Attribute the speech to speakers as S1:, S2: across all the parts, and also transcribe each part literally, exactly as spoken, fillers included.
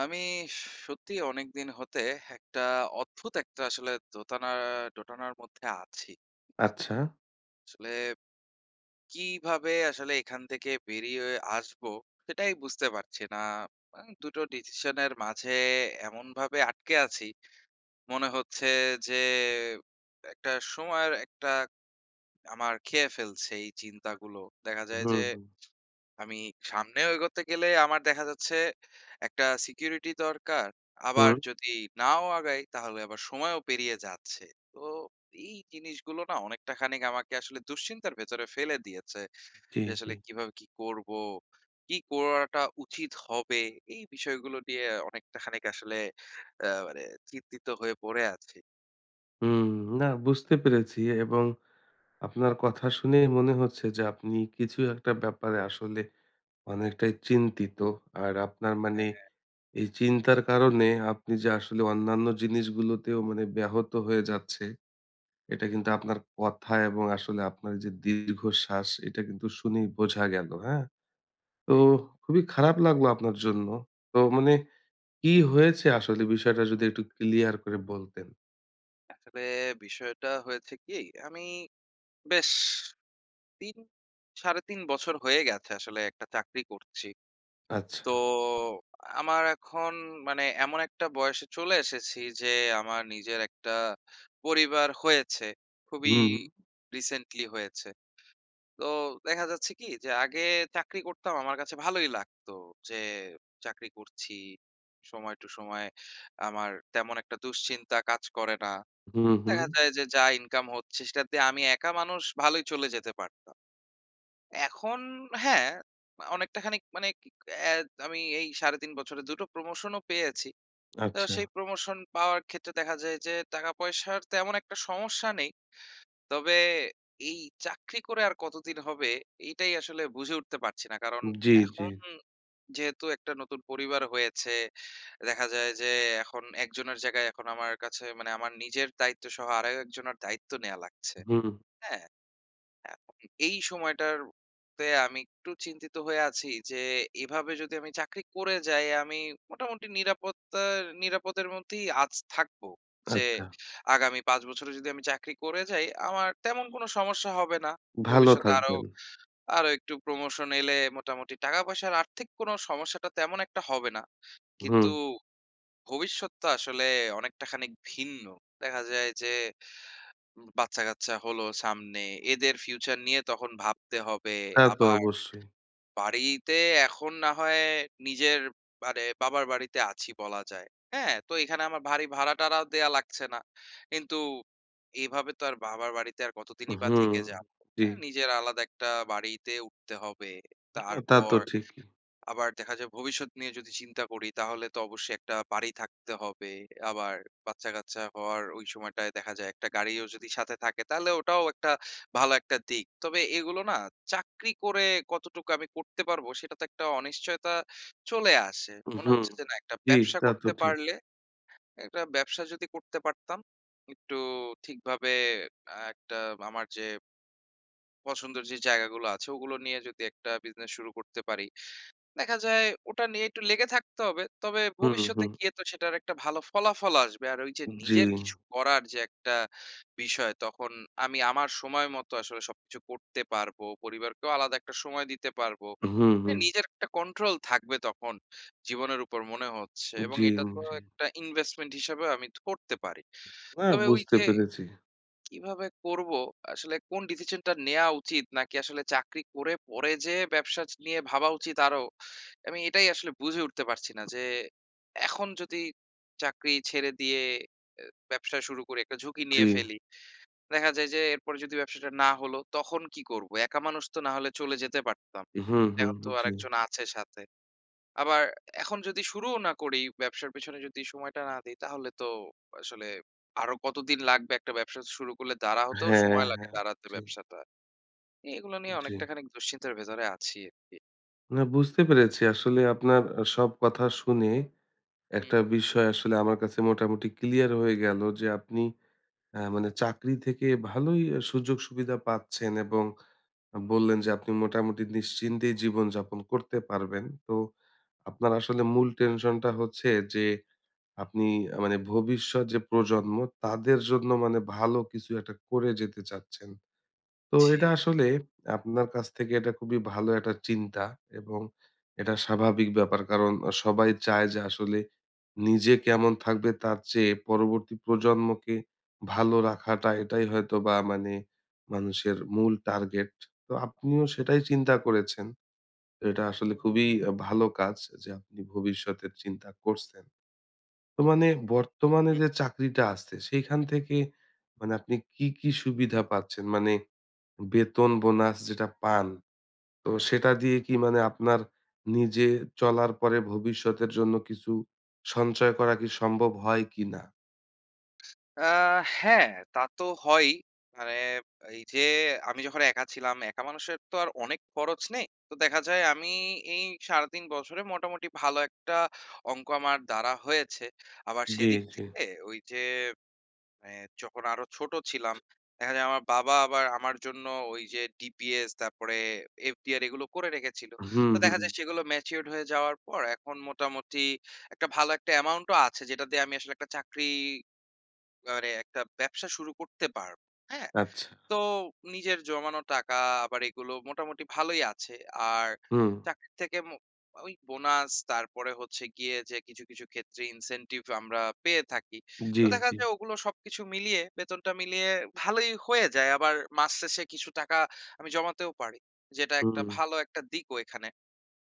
S1: আমি সত্যিই অনেকদিন হতে একটা অদ্ভুত একটা আসলে দোতানার দোটানার মধ্যে আছি।
S2: আচ্ছা।
S1: আসলে, কী ভাবে আসলে এখান থেকে বেরিওয়ে আসবো সেইটাই বুঝতে পারছি না। আ দুটো ডিসিশনের মাঝে এমনভাবে আটকে আছি, মনে হচ্ছে যে একটা সময়ের একটা আমার খেয়ে ফেলছে এই চিন্তাগুলো। দেখা যায় যে,
S2: হুম, হুম।
S1: আমি সামনেও এগোতে গেলে আমার দেখা যাচ্ছে একটা সিকিউরিটি দরকার, আবার
S2: হু।
S1: যদি নাও আগাই তাহলে আবার সময়ও পেরিয়ে যাচ্ছে। তো এই জিনিসগুলো না অনেকটা খানিক আমাকে আসলে দুশ্চিন্তার ভেতরে ফেলে দিয়েছে।
S2: জি,
S1: যে আসলে
S2: জি।
S1: কীভাবে কী করব? কী করাটা উচিত হবে? এই বিষয়গুলো নিয়ে অনেকটা খানিক আসলে আ মানে চিন্তিত হয়ে পড়ে আছি।
S2: হুম। না বুঝতে পেরেছি এবং আপনার কথা শুনেই মনে হচ্ছে যে আপনি কিছু একটা ব্যাপারে আসলে অনেকটাই চিন্তিত। আর আপনার
S1: হ্যাঁ,
S2: মানে
S1: হ্যাঁ।
S2: এই চিন্তার কারণে আপনি যে আসলে অন্যান্য জিনিসগুলোতেও মানে ব্যাহত হয়ে যাচ্ছে, এইটা কিন্তু আপনার কথা এবং আসলে আপনার যে দীর্ঘশ্বাস এইটা কিন্তু শুনেই বোঝা গেল, হ্যাঁ? তো খুবই খারাপ লাগলো আপনার জন্য। তো মানে কি হয়েছে আসলে বিষয়টা যদি একটু ক্লিয়ার করে বলতেন?
S1: আসলে বিষয়টা হয়েছে কি? আমি বেশ তিন সাড়ে তিন বছর হয়ে গেছে আসলে একটা চাকরি করছি। তো
S2: আচ্ছা।
S1: আমার এখন মানে এমন একটা বয়সে চলে এসেছি যে আমার নিজের একটা পরিবার হয়েছে। খুবই
S2: হুম।
S1: রিসেন্টলি হয়েছে। তো দেখা যাচ্ছে কি? যে আগে চাকরি করতাম আমার কাছে ভালোই লাগত, যে চাকরি করছি। সময় টু সময় আমার তেমন একটা দুশ্চিন্তা কাজ করে না।
S2: হুম, হুম।
S1: দেখা যায় যে যা ইনকাম হচ্ছে সেটাতে আমি একা মানুষ ভালোই চলে যেতে পারতাম। এখন হ্যাঁ, অনেকটাখানিক মানে আমি এই সাড়ে তিন বছরে দু টো প্রমোশনও পেয়েছি। তো
S2: আচ্ছা।
S1: সেই প্রমোশন পাওয়ার ক্ষেত্রে দেখা যায় যে টাকা পয়সার তেমন একটা সমস্যা নেই। তবে এই চাকরি করে আর কতদিন হবে? এইটাই আসলে বুঝে উঠতে পারছি না। কারণ,
S2: জি, জি।
S1: এখন যেহেতু একটা নতুন পরিবার হয়েছে, দেখা যায় যে এখন একজনের জায়গায় এখন আমার কাছে মানে আমার নিজের দায়িত্বসহ আরও একজনের দায়িত্ব নেয়া লাগছে।
S2: হুম।
S1: হ্যাঁ? এখন এই সময়টার তে আমি একটু চিন্তিত হয়ে আছি যে এভাবে যদি আমি চাকরি করে যাই আমি মোটামুটি নিরাপত্তা নিরাপদের মধ্যেই আছি থাকবো। যে
S2: আচ্ছা।
S1: আগামী পাঁচ বছরে যদি আমি চাকরি করে যাই আমার তেমন কোনো সমস্যা হবে না।
S2: ভালো
S1: ভবিষ্যতে আরো
S2: থাকবেন।
S1: আরো একটু প্রমোশন এলে মোটামুটি টাকা পয়সার আর্থিক কোনো সমস্যাটা তেমন একটা হবে না। কিন্তু,
S2: হুম।
S1: ভবিষ্যৎ তো আসলে অনেকটা খানিক ভিন্ন। দেখা যায় যে, বাচ্চাকাচ্চা হলো সামনে। এদের ফিউচার নিয়ে তখন ভাবতে
S2: হুম।
S1: হবে।
S2: তা তো
S1: আবার,
S2: অবশ্যই।
S1: বাড়ি তে এখন না হয় নিজের মানে বাবার বাড়িতে আছি বলা যায়। হ্যাঁ? তো এখানে আমার বাড়ি ভাড়া-টাড়া দেওয়া লাগছে না। কিন্তু এভাবে তো আর বাবার বাড়িতে আর কতদিনই বা
S2: হুম
S1: থেকে যাব?
S2: জি।
S1: হ্যাঁ? নিজের আলাদা একটা বাড়িতে উঠতে হবে।
S2: এহ তা তো
S1: তারপর,
S2: ঠিকই।
S1: আবার দেখা যায় ভবিষ্যৎ নিয়ে যদি চিন্তা করি তাহলে তো অবশ্যই একটা বাড়ি থাকতে হবে। আবার বাচ্চা-কাচ্চা হওয়ার ওই সময়টায় দেখা যায় একটা গাড়িও যদি সাথে থাকে তাহলে ওটাও একটা ভালো একটা দিক। তবে এগুলো না চাকরি করে কতটুকু আমি করতে পারব সেটা তো একটা অনিশ্চয়তা চলে আসে। মনে
S2: হুম
S1: হচ্ছে যে না একটা
S2: ঠিক।
S1: ব্যবসা
S2: তা তো
S1: করতে
S2: ঠিক।
S1: পারলে একটা ব্যবসা যদি করতে পারতাম। একটু ঠিকভাবে একটা আমার যে পছন্দের যে জায়গাগুলো আছে ওগুলো নিয়ে যদি একটা বিজনেস শুরু করতে পারি। দেখা যায় ওটা নিয়ে একটু লেগে থাকতে হবে। তবে
S2: হুম, হুম,
S1: ভবিষ্যতে
S2: হুম।
S1: গিয়ে তো সেটার একটা ভালো ফলাফলও আসবে আর ওই যে
S2: জি।
S1: নিজের কিছু করার যে একটা বিষয় তখন আমি আমার সময় মতো আসলে সবকিছু করতে পারব। পরিবারকেও আলাদা একটা সময় দিতে পারব।
S2: হুম,
S1: এহ
S2: হুম।
S1: নিজের একটা কন্ট্রোল থাকবে তখন। জীবনের উপর মনে হচ্ছে। এবং
S2: জি,
S1: এটা তো
S2: জি।
S1: এক টা ইনভেস্টমেন্ট হিসেবে আমি করতে পারি।
S2: হ্যাঁ
S1: তবে ওই
S2: বুঝতে
S1: যে
S2: পেরেছি।
S1: কীভাবে করব? আসলে কোন ডিসিশনটা নেওয়া উচিত? নাকি আসলে চাকরি করে পরে যেয়ে ব্যবসা নিয়ে ভাবা উচিত আরও, আমি এটাই আসলে বুঝে উঠতে পারছি না। যে এখন যদি চাকরি ছেড়ে দিয়ে, ব্যবসা শুরু করি একটা ঝুঁকি
S2: জি।
S1: নিয়ে ফেলি, দেখা যায় যে এরপরে যদি ব্যবসাটা না হল তখন কী করব? একা মানুষ তো না হলে চলে যেতে পারতাম।
S2: হুম, হুম,
S1: এখন তো
S2: হুম। জি।
S1: আরেকজন আছে সাথে। আবার এখন যদি শুরুও না করি, ব্যবসার পিছনে যদি সময়টা না দেই তাহলে তো আসলে আরো কতদিন লাগবে একটা ব্যবসা শুরু করলে? দাঁড়া হতেও
S2: হ্যাঁ,
S1: সময় লাগে
S2: হ্যাঁ।
S1: দাঁড়াতে
S2: জি।
S1: ব্যবসাটা। এগুলো নিয়ে
S2: জি।
S1: অনেকটাখানিক দুশ্চিন্তের ভেতরে আছি আরকি।
S2: না বুঝতে পেরেছি আসলে আপনার আ সব কথা শুনে,
S1: হুম।
S2: একটা বিষয় আসলে আমার কাছে মোটামুটি ক্লিয়ার হয়ে গেলো যে আপনি আ মানে চাকরি থেকে ভালোই আ সুযোগ-সুবিধা পাচ্ছেন এবং, আ বললেন যে আপনি মোটামুটি নিশ্চিন্তেই জীবনযাপন করতে পারবেন তো, আপনার আসলে মূল tension টা হচ্ছে যে, আপনি আ মানে ভবিষ্যৎ যে প্রজন্ম তাদের জন্য মানে ভালো কিছু একটা করে যেতে চাচ্ছেন। তো এটা
S1: জি।
S2: আসলে, আপনার কাছ থেকে এটা খুবই ভালো এয়াটা চিন্তা এবং, এটা স্বাভাবিক ব্যাপার কারণ আ সবাই চায় যে আসলে, নিজে কেমন থাকবে তার চেয়ে পরবর্তী প্রজন্মকে, ভালো রাখাটা এটাই হয়তোবা মানে মানুষের মূল টার্গেট, তো আপনিও সেটাই চিন্তা করেছেন। এটা আসলে খুবই আ ভালো কাজ যে আপনি ভবিষ্যতের চিন্তা করছেন। তো মানে
S1: হুম,
S2: বর্তমানে
S1: হুম।
S2: যে চাকরিটা আছে সেইখান থেকে মানে আপনি কী, কী সুবিধা পাচ্ছেন? মানে বেতন-বোনাস যেটা পান, তো সেটা দিয়ে কি মানে আপনার, নিজে চলার পরে ভবিষ্যতের জন্য কিছু, সঞ্চয় করা কি সম্ভব হয় কি না?
S1: আ হ্যাঁ। তা তো হয়ই মানে ব এইযে আমি যখন একা ছিলাম। একা মানুষের তো আর অনেক খরচ নেই। তো দেখা যায়, আমি এই সাড়ে তিন বছরে মোটামুটি ভালো একটা অঙ্ক আমার দ্বারা হয়েছে। আবার
S2: জি,
S1: সেদিক
S2: জি।
S1: থেকে ওইযে মানে যখন আরো ছোটো ছিলাম। দেখা যায় আমার বাবা আবার আমার জন্য ওইযে ডিপিএস তারপরে এফডিআর এগুলো করে রেখেছিলো।
S2: হুম,
S1: তো দেখা যায়
S2: হুম।
S1: সেগুলো ম্যাচিউরড হয়ে যাওয়ার পর এখন মোটামুটি একটা ভালো একটা অ্যামাউন্টও আছে যেটা দিয়ে আমি আসলে একটা চাকরি মানে একটা ব্যবসা শুরু করতে পারবো, হ্যাঁ?
S2: আচ্ছা।
S1: তো নিজের জমানো টাকা আবার এগুলো মোটামুটি ভালোই আছে। আর
S2: হুম।
S1: চাকরির থেকে ম ওই বোনাস তারপরে হচ্ছে গিয়ে যে কিছু কিছু ক্ষেত্রে ইনসেনটিভ আমরা পেয়ে থাকি।
S2: জি,
S1: তো দেখা
S2: জি।
S1: যায় ওগুলো সবকিছু মিলিয়ে বেতনটা মিলিয়ে ভালোই হয়ে যায়। আবার মাস শেষে কিছু টাকা আমি জমাতেও পারি যেটা একটা
S2: হুম।
S1: ভালো একটা দিকও এখানে।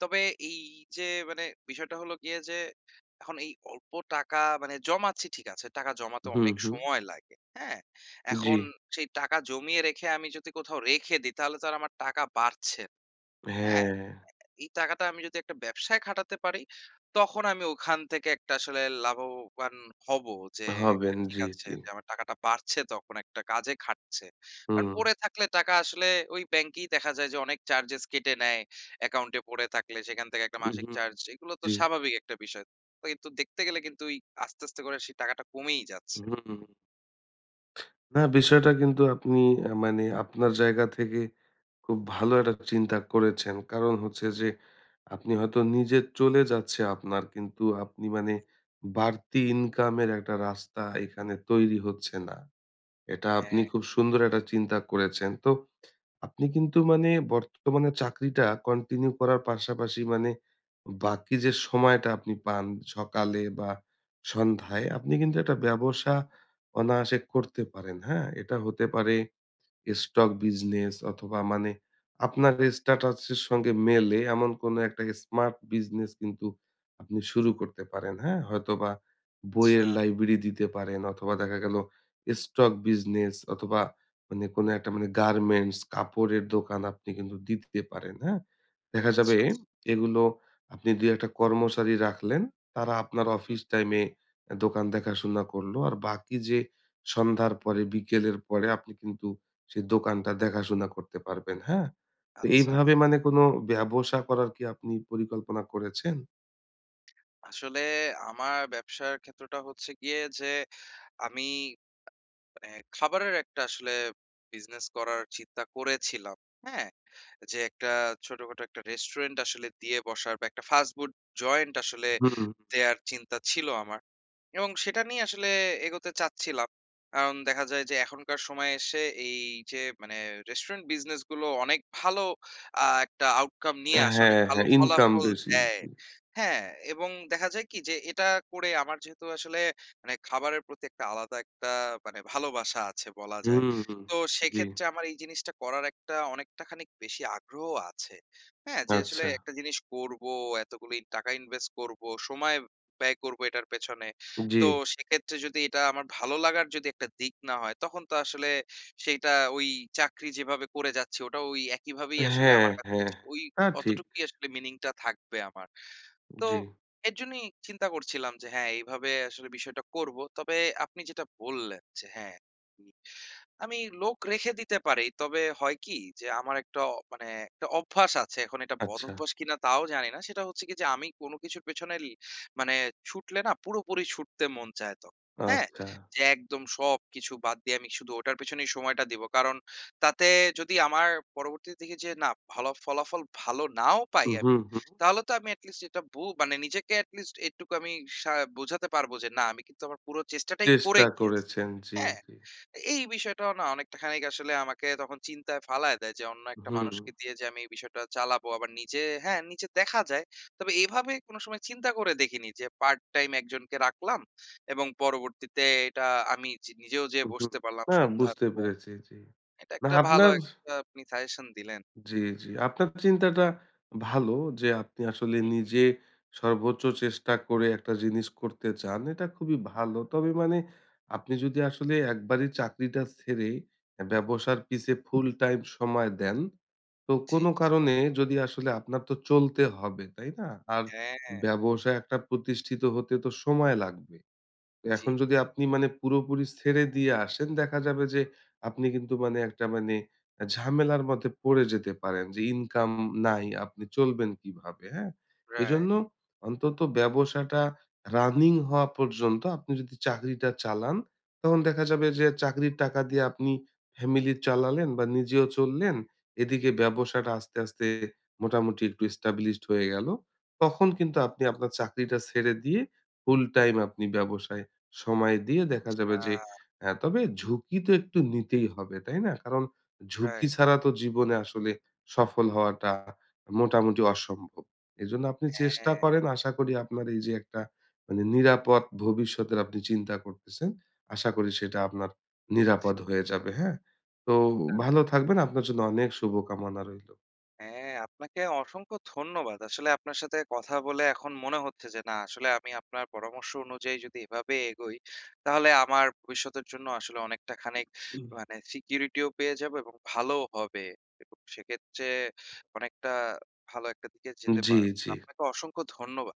S1: তবে এইযে মানে বিষয়টা হলো গিয়ে যে এখন এই অল্প টাকা মানে জমাচ্ছি ঠিক আছে। টাকা জমাতে
S2: হুম,
S1: অনেক
S2: হুম।
S1: সময় লাগে। হ্যাঁ? এখন
S2: জি।
S1: সেই টাকা জমিয়ে রেখে আমি যদি কোথাও রেখে দিই তাহলে তো আমার টাকা বাড়ছে। হ্যাঁ?
S2: হ্যাঁ।
S1: এই টাকাটা আমি যদি একটা ব্যবসায় খাটাতে পারি। তখন আমি ওখান থেকে একটা আসলে লাভবান হবো। যে একটা
S2: হবেন
S1: ঠিক
S2: জি,
S1: আছে
S2: জি।
S1: যে আমার টাকাটা বাড়ছে তখন একটা কাজে খাটছে। কারণ
S2: হুম।
S1: পড়ে থাকলে টাকা আসলে ওই ব্যাংকেই দেখা যায় যে অনেক চার্জেস কেটে নেয় অ্যাকাউন্টে পড়ে থাকলে সেখান থেকে একটা মাসিক
S2: মহুম,
S1: চার্জ। এগুলো তো
S2: জি।
S1: স্বাভাবিক একটা বিষয়। তো কিন্তু দেখতে গেলে কিন্তু ওই আস্তে আস্তে করে সেই টাকাটা কমেই
S2: হু,
S1: যাচ্ছে।
S2: হুম। না, বিষয়টা কিন্তু আপনি এ মানে আপনার জায়গা থেকে খুব ভালো একটা চিন্তা করেছেন। কারণ হচ্ছে যে, আপনি হয়তো নিজে চলে যাচ্ছে আপনার কিন্তু আপনি মানে
S1: হুম।
S2: বাড়তি ইনকামের একটা রাস্তা এখানে তৈরি হচ্ছে না। এটা আপনি
S1: হ্যাঁ।
S2: খুব সুন্দর একটা চিন্তা করেছেন। তো আপনি কিন্তু মানে বর্তমানে চাকরিটা কন্টিনিউ করার পাশাপাশি মানে বাকি যে সময়টা আপনি পান সকালে বা সন্ধ্যায় আপনি কিন্তু একটা ব্যবসা অনায়াসে করতে পারেন। হ্যাঁ? এটা হতে পারে।
S1: হুম।
S2: স্টক বিজনেস অথবা মানে আপনার স্ট্যাটাস এর সঙ্গে মেলে এমন কোনো একটা স্মার্ট বিজনেস কিন্তু আপনি শুরু করতে পারেন। হ্যাঁ? হয়তোবা
S1: আচ্ছা।
S2: বইয়ের লাইব্রেরি দিতে পারেন। অথবা দেখা গেলো স্টক বিজনেস অথবা মানে কোনো একটা মানে গার্মেন্টস কাপড়ের দোকান আপনি কিন্তু দিতে পারেন, হ্যাঁ? দেখা যাবে
S1: আচ্ছা আচ্ছা।
S2: এগুলো আপনি দুই এক টা কর্মচারী রাখলেন। তারা আপনার
S1: হুম।
S2: অফিস টাইমে এ দোকান দেখাশোনা করলো আর বাকি যে সন্ধ্যার পরে বিকেলের পরে আপনি কিন্তু সেই দোকানটা দেখাশোনা করতে পারবেন, হ্যাঁ? তো
S1: আচ্ছা, আচ্ছা।
S2: এইভাবে মানে কোনো ব্যবসা করার কি আপনি পরিকল্পনা করেছেন?
S1: আসলে আমার ব্যবসার ক্ষেত্রটা হচ্ছে গিয়ে যে, আমি, মানে খাবারের একটা আসলে business করার চিন্তা করেছিলাম, হ্যাঁ? যে একটা ছোটখাটো একটা restaurant আসলে দিয়ে বসার বা একটা fas-food joint আসলে
S2: হুম।
S1: দেয়ার চিন্তা ছিল আমার। এবং সেইটা নিয়ে আসলে এগোতে চাচ্ছিলাম। কাওন দেখা যায় যে এখনকার সময়ে এসে এই যে মানে restaurant business গুলো অনেক ভালো আ একটা outcome নিয়ে আসে, অনেক
S2: হ্যাঁ,
S1: ভালো
S2: হ্যাঁ। ইনকাম
S1: ফলাফল
S2: বেশি।
S1: দেয়,
S2: জি।
S1: হ্যাঁ। এবং দেখা যায় কি যে এইটা করে আমার যেহেতু আসলে মানে খাবারের প্রতি একটা আলাদা একটা মানে ভালোবাসা আছে বলা
S2: হু,
S1: যায়।
S2: হু।
S1: তো
S2: জি।
S1: সেইক্ষেত্রে আমার এই জিনিসটা করার একটা অনেকটা খানিক বেশি আগ্রহ আছে, হ্যাঁ? যে আসলে
S2: আচ্ছা।
S1: একটা জিনিস করব, এতগুলো ই টাকা invest করব, সময় ব্যয় করব এইটার পেছনে। তো
S2: জি।
S1: সেইক্ষেত্রে যদি এইটা আমার ভালো লাগার যদি একটা দিক না হয় তখন তো আসলে সেইটা ওই চাকরি যেভাবে করে যাচ্ছি ওটা ওই একইভাবেই আসলে
S2: হ্যাঁ,
S1: আমার
S2: হ্যাঁ।
S1: কাছে ওই
S2: তা ঠিক।
S1: অতটুকুই আসলে meaning টা থাকবে আমার। তো
S2: জি।
S1: এর জন্যই চিন্তা করছিলাম যে হ্যাঁ এভাবে আসলে বিষয়টা করব। তবে আপনি যেটা বললেন যে হ্যাঁ, উম আমি লোক রেখে দিতে পারি। তবে হয় কি যে আমার একটা মানে একটা অভ্যাস আছে। এখন এইটা
S2: আচ্ছা।
S1: বদভ্যাস কিনা তাও জানি না। সেইটা হচ্ছে কি যে আমি কোন কিছুর পেছনেল মানে ছুটলে না পুরোপুরি ছুটতে মন চায় তখন, হ্যাঁ?
S2: আচ্ছা।
S1: যে একদম সবকিছু বাদ দিয়ে আমি শুধু ওইটার পেছনেই সময়টা দিবো। কারণ তাতে যদি আমার পরবর্তীতে দেখি যে না ফলা ফলাফল ভালো নাও পাই
S2: হু, হু,
S1: আমি,
S2: হু।
S1: তাহলে তো আমি at least যেটা বল এটা মানে নিজেকে at least এইটুক আমি সা বোঝাতে পারবো যে না আমি কিন্তু আমার পুরো চেষ্টাটাই করে
S2: চেষ্টা
S1: গিয়েছি,
S2: করেছেন। জি,
S1: হ্যাঁ?
S2: জি।
S1: তা এই বিষয়টাও না অনেকটা খানিক আসলে আমাকে তখন চিন্তায় ফালায় দেয় যে অন্য একটা
S2: হুম।
S1: মানুষকে দিয়ে যে আমি এই বিষয়টা চালাবো আবার নিজে হ্যাঁ নিজে দেখা যায়, তবে এইভাবে কোনো সময় চিন্তা করে দেখিনি যে part-time একজনকে রাখলাম এবং পরবর্তীতে এইটা আমি যে নিজেও
S2: হু,
S1: যেয়ে
S2: হু।
S1: বসতে পারলাম
S2: হ্যাঁ
S1: সন্ধ্যার
S2: বুঝতে
S1: পর।
S2: পেরেছি জি।
S1: এইটা
S2: না
S1: একটা ভালো
S2: আপনার
S1: একটা আপনি suggestion দিলেন।
S2: জি, জি। আপনার চিন্তাটা ভালো। যে আপনি আসলে
S1: হুম, হুম।
S2: নিজে সর্বোচ্চ চেষ্টা করে একটা জিনিস করতে চান এইটা খুবই ভালো। তবে মানে আপনি যদি আসলে একবারেই চাকরিটা ছেড়ে অ্যা ব্যবসার পিছে full-time সময় দেন, তো
S1: জি জি।
S2: কোনো কারণে যদি আসলে আপনার তো চলতে হবে, তাই না? আর
S1: হ্যাঁ।
S2: ব্যবসা একটা প্রতিষ্ঠিত হতে তো সময় লাগবে। তো
S1: জি।
S2: এখন যদি আপনি মানে পুরোপুরি ছেড়ে দিয়ে আসেন দেখা যাবে যে আপনি কিন্তু মানে একটা মানে অ্যা ঝামেলার মধ্যে পড়ে যেতে পারেন। যে ইনকাম নাই, আপনি চলবেন কিভাবে, হ্যাঁ?
S1: Right.
S2: এইজন্য অন্তত ব্যবসাটা running হওয়া পর্যন্ত আপনি যদি চাকরিটা চালান, তখন দেখা যাবে যে চাকরির টাকা দিয়ে আপনি family চালালেন বা নিজেও চললেন। এদিকে ব্যবসাটা আস্তে, আস্তে মোটামুটি একটু established হয়ে গেল। তখন কিন্তু আপনি আপনার চাকরিটা ছেড়ে দিয়ে full-time আপনি ব্যবসায়ে সময় দিয়ে দেখা যাবে যে
S1: আচ্ছা।
S2: অ্যা তবে ঝুঁকি তো একটু নিতেই হবে, তাই না? কারণ ঝুঁকি
S1: Right.
S2: ছাড়া তো জীবনে আসলে সফল হওয়াটা মোটামুটি অসম্ভব। এইজন্য আপনি চেষ্টা
S1: হ্যাঁ।
S2: করেন, আশা করি আপনার এই যে একটা মানে নিরাপদ ভবিষ্যতের আপনি চিন্তা করতেছেন, আশা করি সেইটা আপনার নিরাপদ হয়ে যাবে, হ্যাঁ? তো
S1: হ্যাঁ, হ্যাঁ।
S2: ভালো থাকবেন। আপনার জন্য অনেক শুভকামনা রইলো।
S1: হ্যাঁ। আপনাকে অসংখ্য ধন্যবাদ। আসলে আপনার সাথে কথা বলে এখন মনে হচ্ছে যে না আসলে আমি আপনার পরামর্শ অনুযায়ী যদি এভাবে এগোই, তাহলে আমার ভবিষ্যতের জন্যও আসলে অনেকটা খানিক মানে Security ও পেয়ে যাব এবং ভালোও হবে। এবং সেইক্ষেত্রে অনেকটা ভালো একটা দিকে যেতে
S2: জি,
S1: পারবো। তো
S2: জি।
S1: আপনাকে অসংখ্য ধন্যবাদ।